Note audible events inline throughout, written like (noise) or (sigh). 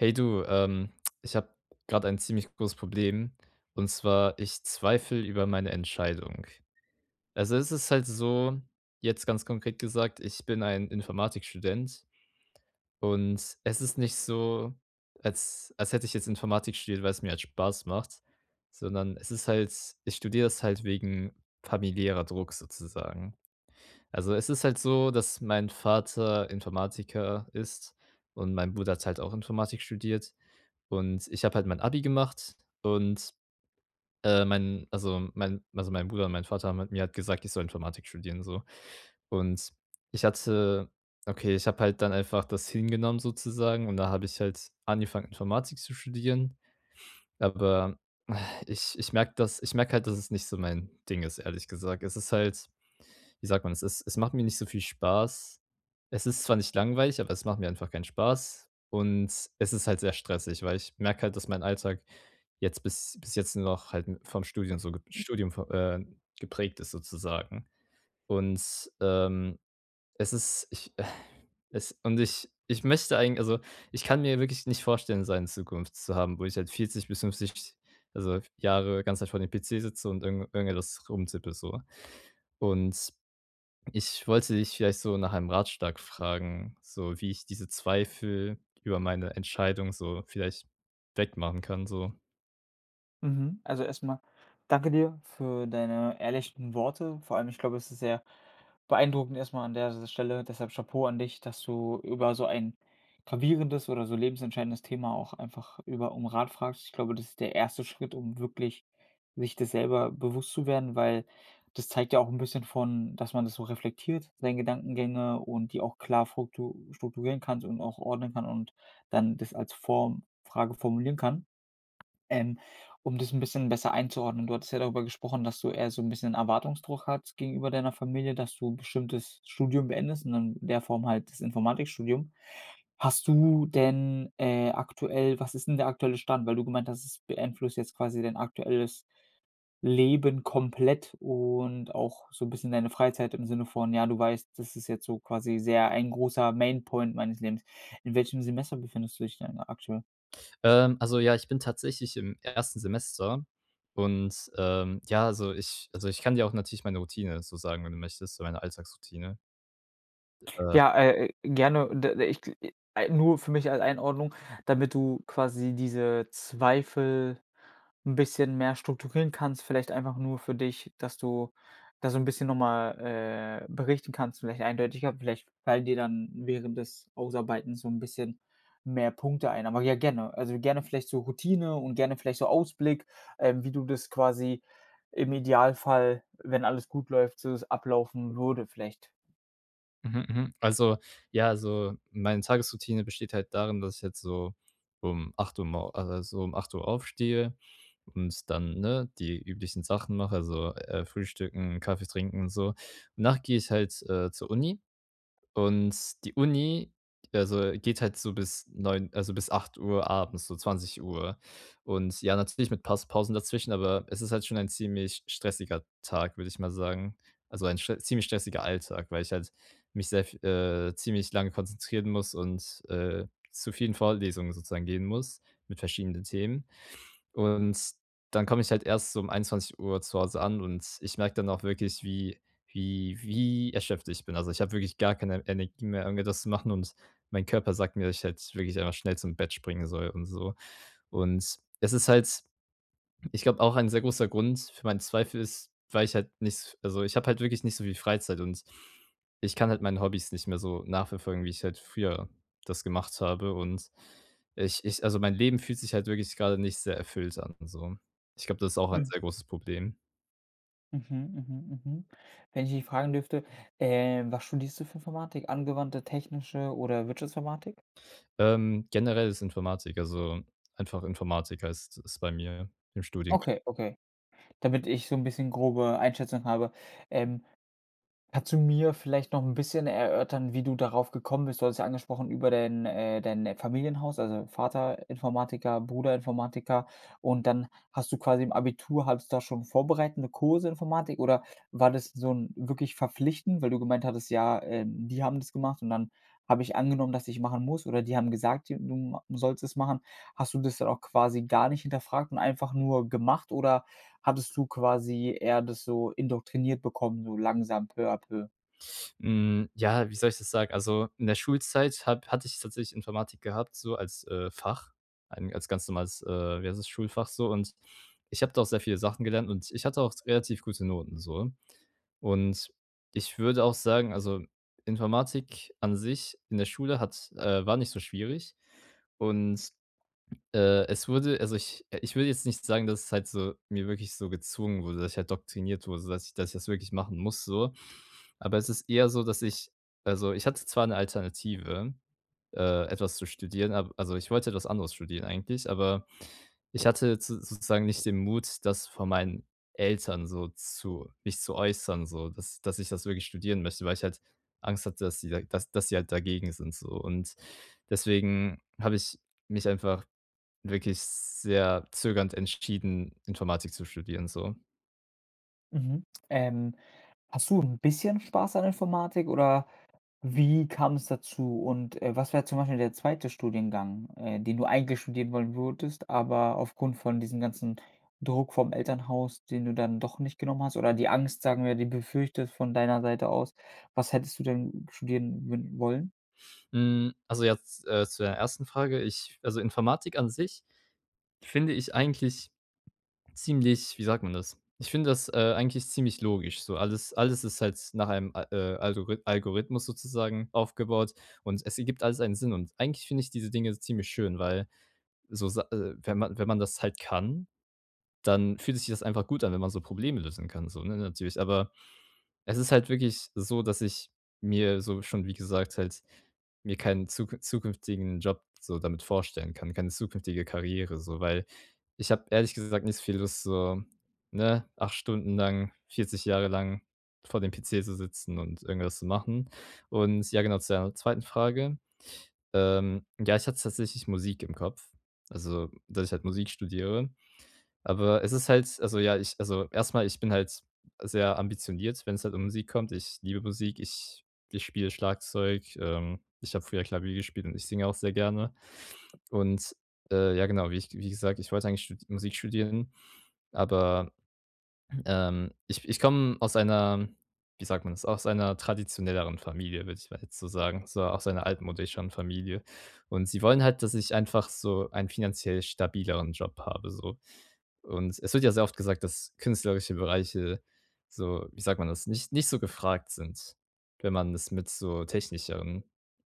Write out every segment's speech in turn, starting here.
Hey du, ähm, ich habe gerade ein ziemlich großes Problem, und zwar ich zweifle über meine Entscheidung. Also, es ist halt so jetzt ganz konkret gesagt, ich bin ein Informatikstudent. Und es ist nicht so, als als hätte ich jetzt Informatik studiert, weil es mir halt Spaß macht, sondern es ist halt ich studiere das halt wegen familiärer Druck sozusagen. Also es ist halt so, dass mein Vater Informatiker ist, und mein Bruder hat halt auch Informatik studiert. Und ich habe halt mein Abi gemacht und, ähm, mein, also, mein also, mein Bruder und mein Vater haben halt mir gesagt, ich soll Informatik studieren so. Und ich hatte okay, ich habe halt dann einfach das hingenommen sozusagen, und da habe ich halt angefangen, Informatik zu studieren. Aber (sighs) ich ich merke dass ich merke halt, dass es nicht so mein Ding ist, ehrlich gesagt. Es ist halt, wie sagt man es ist es macht mir nicht so viel Spaß. Es ist zwar nicht langweilig, aber es macht mir einfach keinen Spaß. Und es ist halt sehr stressig, weil ich merke halt, dass mein Alltag jetzt bis bis jetzt nur noch halt vom Studium so Studium vo äh, geprägt ist sozusagen. Und, ähm, es ist ich (sighs) es und ich ich möchte eigen also, ich kann mir wirklich nicht vorstellen, so eine Zukunft zu haben, wo ich halt 40 bis 50 also Jahre ganze Zeit vor dem PC sitze und irgend irgendwas rumtippe so. Und ich wollte dich vielleicht so nach einem Ratschlag fragen, so wie ich diese Zweifel über meine Entscheidung so vielleicht wegmachen kann so. Mhm. Also erst mal danke dir für deine ehrlichen Worte. Vor allem, ich glaube, es ist sehr beeindruckend erst mal an der S Stelle. Deshalb Chapeau an dich, dass du über so ein gravierendes oder so lebensentscheidendes Thema auch einfach über um Rat fragst. Ich glaube, das ist der erste Schritt, um wirklich sich das selber bewusst zu werden, weil das zeigt ja auch 'n bisschen von, dass man das so reflektiert, seine Gedankengänge und die auch klar foktu strukturieren kannst und auch ordnen kann und dann das als Form Frage formulieren kann. Ähm, um das 'n bisschen besser einzuordnen. Du hattest ja darüber gesprochen, dass du eher so 'n bisschen Erwartungsdruck hat gegenüber deiner Familie, dass du bestimmtes Studium beendest und in der Form halt das Informatikstudium. Hast du denn, äh, aktuell was ist denn der aktuelle Stand, weil du gemeint hast, es beeinflusst jetzt quasi dein aktuelles Leben komplett und auch so 'n bisschen deine Freizeit im Sinne von, ja, du weißt: „Das ist jetzt so quasi sehr ein großer Main Point meines Lebens." In welchem Semester befindest du dich denn aktuell? Ähm, also, ja, ich bin tatsächlich im 1. Semester und, ähm, ja, also ich also ich kann dir auch natürlich meine Routine so sagen, wenn du möchtest, meine Alltagsroutine. Äh Ja, äh, äh, gerne und und, äh, äh, ich gl i ei nur für mich als Einordnung, damit du quasi diese Zweifel 'n bisschen mehr strukturieren kannst, vielleicht einfach nur für dich, dass du da so 'n bisschen noch mal, äh, berichten kannst, vielleicht eindeutiger vielleicht fallen dir dann während des Ausarbeitens so 'n bisschen mehr Punkte ein. Aber ja, gerne. Also, gerne vielleicht so Routine und gerne vielleicht so Ausblick, ähm, wie du das quasi im Idealfall, wenn alles gut läuft, so es ablaufen würde vielleicht. Mhm, mhm. Also, ja, also, meine Tagesroutine besteht halt darin, dass ich jetzt so um 8:00 mor a also 8:00 aufstehe und dann, ne, die üblichen Sachen mache, also, äh, frühstücken, Kaffee trinken und so. Danach gehe ich halt, äh, zur Uni. Und die Uni, also geht halt so bis 21:00 also bis 20:00 Uhr abends, so 20:00. Und ja, natürlich mit Pas Pausen dazwischen, aber es ist halt schon ein ziemlich stressiger Tag, würde ich mal sagen. Also ein sch ziemlich stressiger Alltag, weil ich halt mich sehr v äh, ziemlich lange konzentrieren muss und, äh, zu vielen Vorlesungen sozusagen gehen muss mit verschiedenen Themen. Und dann komme ich halt erst so 21:00 zu Hause an und ich merke dann auch wirklich, wie wie wie erschöpft ich bin. Also ich habe wirklich gar keine Energie mehr irgendwie etwas zu machen und mein Körper sagt mir, ich hätte wirklich einfach schnell zum Bett springen soll und so. Und es ist halt ich glaube, auch ein sehr großer Grund für meinen Zweifel ist, weil ich halt nichts also ich habe halt wirklich nicht so viel Freizeit und ich kann halt meine Hobbys nicht mehr so nachverfolgen, wie ich halt früher das gemacht habe. Und, äh, ich ich also mein Leben fühlt sich halt wirklich gerade nicht sehr erfüllt an und so. Ich glaube, das ist auch ein Mhm. sehr großes Problem. Mhm, mhm, mhm. Wenn ich dich fragen dürfte, äh, was studierst du für Informatik? Angewandte, technische oder Wirtschaftsinformatik? Ähm, generelles Informatik, also einfach Informatik heißt es bei mir im Studiengang. Okay, okay. Damit ich so 'n bisschen grobe Einschätzungen habe Ähm, kannst du mir vielleicht noch 'n bisschen erörtern, wie du darauf gekommen bist? Du hattest ja angesprochen über dein äh, dein, äh, Familienhaus, also Vater Informatiker, Bruder Informatiker und dann hast du quasi im Abitur hattest du da schon vorbereitende Kurse Informatik? oder war das so 'n wirklich verpflichtend, weil du gemeint hattest, ja, ähm: „Die haben das gemacht, und dann habe ich angenommen, dass ich machen muss“, oder die haben gesagt, d du ma sollst es machen. Hast du das dann auch quasi gar nicht hinterfragt und einfach nur gemacht, oder hattest du quasi eher das so indoktriniert bekommen, so langsam peu à peu? Hm, ja, wie soll ich das sagen? Also, in der Schulzeit habe hatte ich tatsächlich Informatik gehabt so als, äh, Fach ein als ganz normales, äh, wie heißt es, Schulfach so. Und ich habe da auch sehr viele Sachen gelernt, und ich hatte auch relativ gute Noten so. Und ich würde auch sagen, also, Informatik an sich in der Schule hat äh, war nicht so schwierig. Und, äh, es wurde also ich ich würde jetzt nicht sagen, dass es halt so, mir wirklich so gezwungen wurde, dass ich halt doktriniert wurde, sodass ich das wirklich machen muss so. Aber es ist eher so, dass ich also ich hatte zwar 'ne Alternative, äh, etwas zu studieren, ab also ich wollte etwas anderes studieren eigentlich, aber ich hatte z sozusagen nicht den Mut, das von meinen Eltern so zu mich zu äußern so, dass dass ich das wirklich studieren möchte, weil ich halt Angst hatte, dass sie das dass sie halt dagegen sind so. Und deswegen habe ich mich einfach wirklich sehr zögernd entschieden, Informatik zu studieren so. Mhm. Ähm. Hast du 'n bisschen Spaß an Informatik oder wie kam es dazu? Und, äh, was wär zum Beispiel der zweite Studiengang, äh, den du eigentlich studieren wollen würdest, aber aufgrund von diesem ganzen Druck vom Elternhaus, den du dann doch nicht genommen hast oder die Angst, sagen wir, die befürchtet von deiner Seite aus? Was hättest du denn studieren würden wollen? Mhm. Also jetzt, äh, zu deiner 1. Frage, ich also Informatik an sich finde ich eigentlich ziemlich, wie sagt man das ich finde das, äh, eigentlich ziemlich logisch so. Alles alles ist halt nach einem Al äh, Algorith Algorithmus sozusagen aufgebaut und es ergibt alles einen Sinn. Und eigentlich finde ich diese Dinge ziemlich schön, weil so Sa äh, wenn man wenn man das halt kann, dann fühlt sich das einfach gut an, wenn man so Probleme lösen kann so, ne, natürlich. Aber es ist halt wirklich so, dass ich mir so schon wie gesagt halt mir keinen zukünf zukünftigen Job so damit vorstellen kann, keine zukünftige Karriere so. Weil ich habe ehrlich gesagt nicht viel Lust so, ne, 8 Stunden lang, 40 Jahre lang vor dem PC zu sitzen und irgendwas zu machen. Und ja genau zu deiner 2. Frage. Ähm, ja, ich hatte tatsächlich Musik im Kopf, also dass ich halt Musik studiere. Aber es ist halt also ja, ich also erst mal, ich bin halt sehr ambitioniert, wenn es halt um Musik kommt. Ich liebe Musik. Ich ich spiele Schlagzeug, ähm. Ich habe früher Klavier gespielt und ich singe auch sehr gerne. Und, äh, ja genau, wie ich wie gesagt, ich wollte eigentlich stu Musik studieren, aber, (clears throat) ähm, ich ich komm aus einer wie sagt man das aus einer traditionelleren Familie, würde ich mal jetzt so sagen. So aus einer altmodischen Familie. Und sie wollen halt, dass ich einfach so einen finanziell stabileren Job habe so. Und es wird ja sehr oft gesagt, dass künstlerische Bereiche so wie sagt man das, nicht nicht so gefragt sind, wenn man es mit so technischeren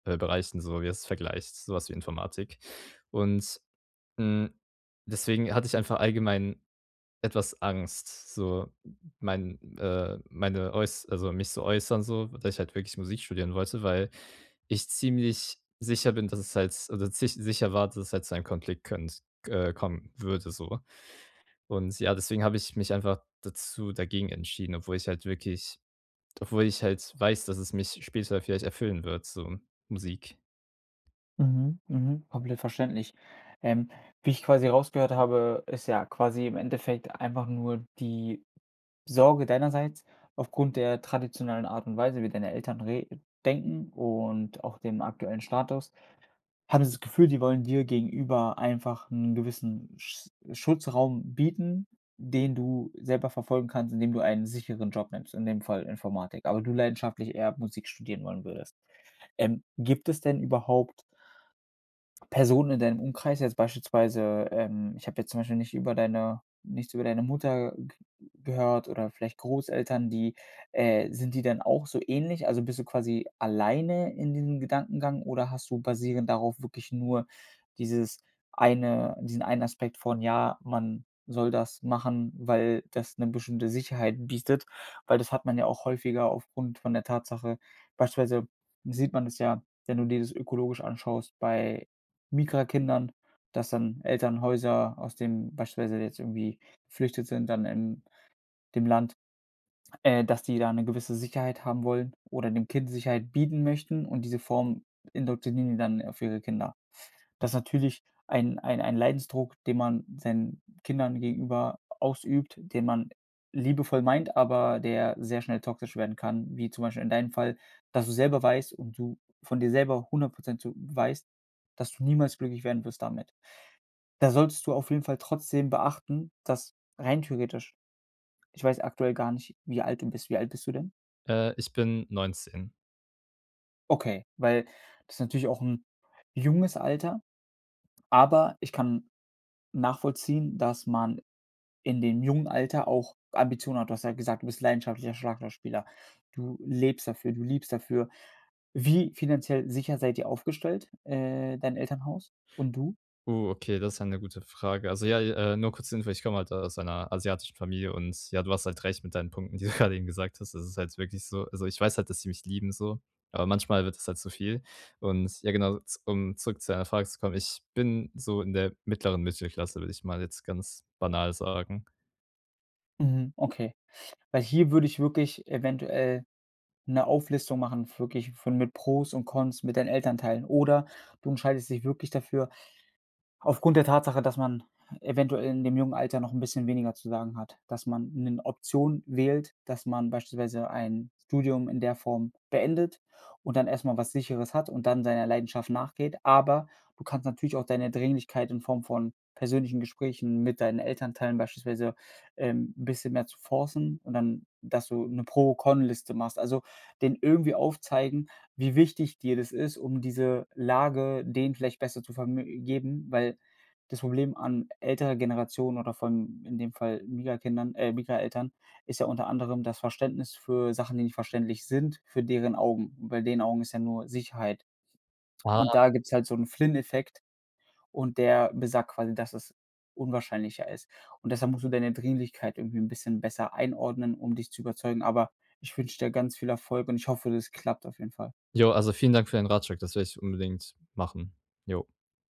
Bereichen so jetzt vergleicht, so was wie Informatik. Und, hm, deswegen hatte ich einfach allgemein etwas Angst, so mein, äh meine äuß also mich zu äußern so, dass ich halt wirklich Musik studieren wollte, weil ich ziemlich sicher bin, dass es halt also zich sicher war, dass halt zu einem Konflikt können, äh kommen würde so. Und ja, deswegen hab ich mich einfach dazu dagegen entschieden, obwohl ich halt wirklich obwohl ich halt weiß, dass es mich später vielleicht erfüllen wird so, Musik. Mhm, mhm. Komplett verständlich. Ähm, wie ich quasi rausgehört habe, ist ja quasi im Endeffekt einfach nur die Sorge deinerseits aufgrund der traditionellen Art und Weise, wie deine Eltern re denken und auch dem aktuellen Status, hattest du das Gefühl, die wollen dir gegenüber einfach 'n gewissen Sch Schutzraum bieten, den du selber verfolgen kannst, indem du einen sicheren Job nimmst, in dem Fall Informatik, aber du leidenschaftlich eher Musik studieren wollen würdest. Ähm, gibt es denn überhaupt Personen in deinem Umkreis jetzt beispielsweise, ähm ich habe jetzt zum Beispiel nicht über deine nichts über deine Mutter ge gehört oder vielleicht Großeltern, die, äh sind die dann auch so ähnlich? Also bist du quasi alleine in diesem Gedankengang oder hast du basierend darauf wirklich nur dieses eine diesen einen Aspekt von, ja, man soll das machen, weil das 'ne bestimmte Sicherheit bietet, weil das hat man ja auch häufiger aufgrund von der Tatsache beispielsweise sieht man es ja, wenn du dir das ökologisch anschaust bei Migrantenkindern, dass dann Elternhäuser aus dem beispielsweise jetzt irgendwie geflüchtet sind dann in dem Land, (swallows) äh, dass die da 'ne gewisse Sicherheit haben wollen oder dem Kind Sicherheit bieten möchten und diese Form indoktrinieren die dann auf ihre Kinder. Das ist natürlich ein ein ein Leidensdruck, den man seinen Kindern gegenüber ausübt, den man liebevoll meint, aber der sehr schnell toxisch werden kann, wie zum Beispiel in deinem Fall, dass du selber weißt und du von dir selber 100 % zu weißt, dass du niemals glücklich werden wirst damit. Da solltest du auf jeden Fall trotzdem beachten, dass rein theoretisch ich weiß aktuell gar nicht, wie alt du bist. Wie alt bist du denn? Äh, ich bin 19. Okay, weil das ist natürlich auch 'n junges Alter, aber ich kann nachvollziehen, dass man in dem jungen Alter auch Ambitionen hat. Du hast ja gesagt, du bist leidenschaftlicher Schlagzeugspieler. Du lebst dafür du liebst dafür. Wie finanziell sicher seid ihr aufgestellt, äh, dein Elternhaus und du? Uh, okay, das ist ja 'ne gute Frage. Also ja, äh, nur kurz zur Info ich komme halt aus einer asiatischen Familie und ja, du hast halt recht mit deinen Punkten, die du (chuckles) grade eben gesagt hast. Das ist halt wirklich so also ich weiß halt, dass die mich lieben so, aber manchmal wird das halt zu viel. Und ja, genau, z um zurück zu deiner Frage zu kommen, ich bin so in der mittleren Mittelklasse, würde ich mal jetzt ganz banal sagen. Mhm. Okay. Weil hier würde ich wirklich eventuell 'ne Auflistung machen, wirklich von mit Pros und Cons, mit deinen Elternteilen oder du entscheidest dich wirklich dafür aufgrund der Tatsache, dass man eventuell in dem jungen Alter noch 'n bisschen weniger zu sagen hat. Dass man 'ne Option wählt, dass man beispielsweise ein Studium in der Form beendet und dann erst mal was Sicheres hat und dann seiner Leidenschaft nachgeht. Aber du kannst natürlich auch deine Dringlichkeit in Form von persönlichen Gesprächen mit deinen Elternteilen beispielsweise, ähm, 'n bisschen mehr zu forcen und dann dass du 'ne Pro-Con Liste machst. Also, denen irgendwie aufzeigen, wie wichtig dir das ist, um diese Lage denen vielleicht besser zu verm geben, weil das Problem an älterer Generationen oder von, in dem Fall Migra-Kindern, äh, Migra-Eltern, ist ja unter anderem das Verständnis für Sachen, die nicht verständlich sind, für deren Augen. Und bei den Augen ist ja nur Sicherheit. Ah. Und da gibt's halt so 'n Flynn-Effekt und der besagt quasi, dass es unwahrscheinlicher ist. Und deshalb musst du deine Dringlichkeit irgendwie 'n bisschen besser einordnen, um dich zu überzeugen. Aber ich wünsche dir ganz viel Erfolg und ich hoffe, das klappt auf jeden Fall. Jo, also, vielen Dank für den Ratschlag. Das werde ich unbedingt machen. Jo.